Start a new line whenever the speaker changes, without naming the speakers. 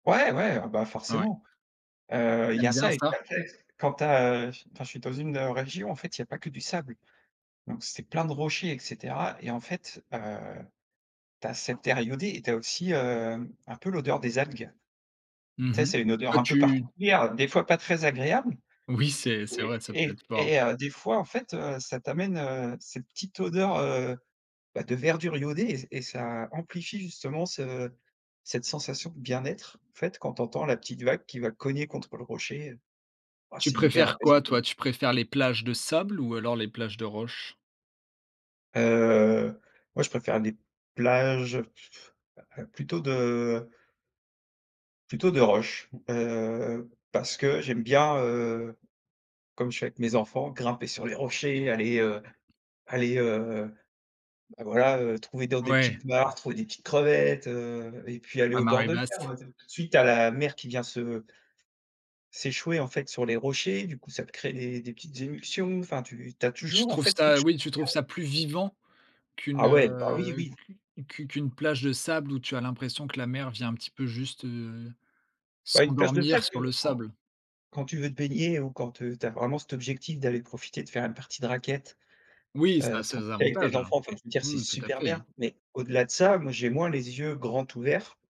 Ouais, ouais, ah, bah,
Ouais.
forcément, heu, il
Tu
y
aimes
a
bien
ça et
ça?
puis en fait, quand tu as, heu ch enfin, quand je suis dans une région, en fait, il y a pas que du sable, donc c'est plein de rochers et cetera et en fait, heu, tu as cette terre iodée et tu as aussi, heu, un peu l'odeur des algues, tu
Mmh
sais?
mh.
C'est une odeur
Toi,
un peu
tu
particulière, des fois pas très agréable
Oui, c'est c'est vrai, ça peut
oui et
être fort.
et heu, des fois, en fait, heu, ça t'amène, heu, cette petite odeur, heu, bah, de verdure iodée et et ça amplifie justement ce cette sensation de bien-être, en fait, quand tu entends la petite vague qui va cogner contre le rocher, heu, ah
Tu
c'est hyper
préfères
apaisant,
quoi,
quoi.
toi? Tu préfères les plages de sable ou alors les plages de roches?
Heu, moi, je préfère les plages plutôt de plutôt de roches, heu, parce que j'aime bien, heu, comme je fais avec mes enfants, grimper sur les rochers, aller, heu aller, heu, voilà, heu, trouver dans des
Ouais.
petites martres ou des petites crevettes, heu, et puis aller
À
au bord
marée
de mer,
basse.
[unintelligible] tout de suite tu as la mer qui vient se s'échouer, en fait, sur les rochers, du coup, ça te crée des des petites émulsions, enfin, tu tu as
Tu
toujours, en
trouves
fait, quelque
ça
chose
oui, tu
à
trouves
regarder.
ça plus vivant qu'une,
Ah ouais. Bah, oui,
heu,
oui!
q qu qu'une plage de sable où tu as l'impression que la mer vient un petit peu, juste, heu,
Bah, une plage de
s'endormir
sable
sur le sable.
[unintelligible] quand tu veux te baigner ou quand, heu, tu as vraiment cet objectif d'aller profiter de faire une partie de raquette,
Oui, ça
heu,
a ses
profiter avec tes
avantages.
enfants, enfin je veux dire
Oui,
c'est
oui, tout à
super
fait.
bien, mais au-delà de ça, moi, j'ai moins les yeux grands ouverts